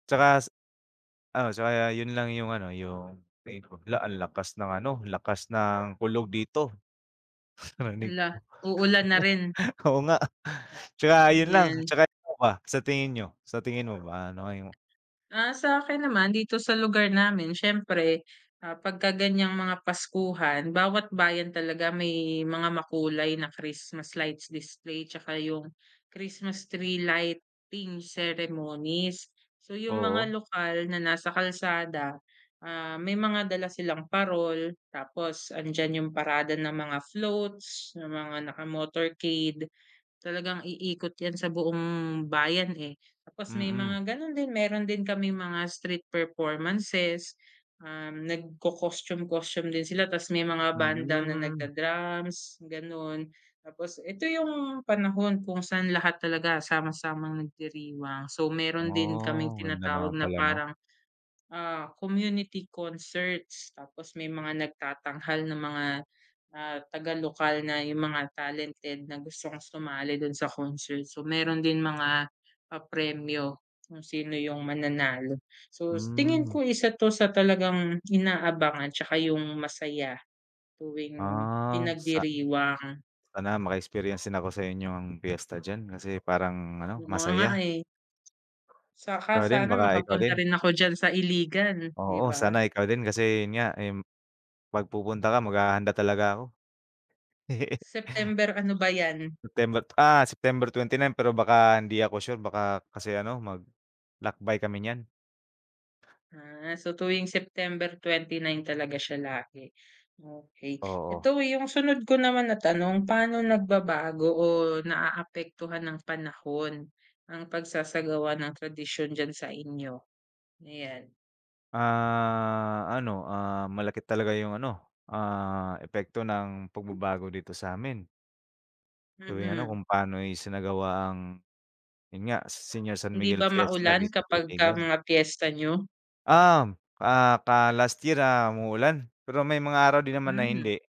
Tsaka sa ah, so, ah, yun lang yung ano, yung hay naku! Luh, ang lakas ng ano, lakas ng kulog dito. Narinig Hala, mo? uulan na rin. Oo nga. Tsaka yun lang. 'Yan. Tsaka ikaw ba, sa tingin niyo, sa tingin mo ba, ano kaya yung Ah, sa akin naman, dito sa lugar namin siyempre, ah, pagka ganyang mga paskuhan, bawat bayan talaga may mga makulay na Christmas lights display tsaka yung Christmas tree lighting ceremonies. So, yung mga Oo. lokal na nasa kalsada, ah, may mga dala silang parol tapos andiyan yung parada ng mga floats, ng mga naka motorcade. Talagang iikot yan sa buong bayan, eh. Tapos may Mm. mga ganun din, meron din kaming mga street performances, um, nagco-costume, costume din sila. Tapos may mga banda na Mm. nagdra-drums, gan'on. Tapos ito yung panahon kung saan lahat talaga sama-samang nagdiriwang. So, meron din kaming Oh, ganda naman tinatawag na pala 'no. parang, ah, community concerts. Tapos may mga nagtatanghal na mga, ah, taga lokal na yung mga talented na gustong sumali dun sa concert. So, meron din mga papremyo kung sino yung mananalo. So, s tingin ko, Hmm. isa to sa talagang inaabangan tsaka yung masaya tuwing Ah. Sa pinagdiriwang. sana maka-experience din ako sa inyong fiesta diyan kasi parang ano, Oo nga, masaya. eh. Tsaka Ikaw din, sana baka ikaw makapunta din. rin ako diyan sa Iligan, 'di Oo, ba? sana ikaw din. Kasi yun nga, m 'pag pupunta ka, maghahanda talaga ako. September, ano ba 'yan? September, ah, September 29. Pero baka hindi ako sure, baka kasi ano, maglakbay kami niyan. Ah. So, tuwing September 29 talaga siya lagi, okey. Oo. Ito, yung sunod ko naman na tanong, paano nagbabago o naaapektuhan ng panahon ang pagsasagawa ng tradisyon diyan sa inyo? Ayan. Ah, ano, ah, malaki talaga yung ano, ah, epekto ng pagbabago dito sa'min. Tuwing ano, Mm. kung pano'y isinagawa ang yun nga, Senior San Hindi Miguel ba Fiesta maulan dito sa kapagka Iligan. mga piyesta niyo? Uhm, ah, pa last year, ah, umulan, pero may mga araw din naman na Hmm. hindi.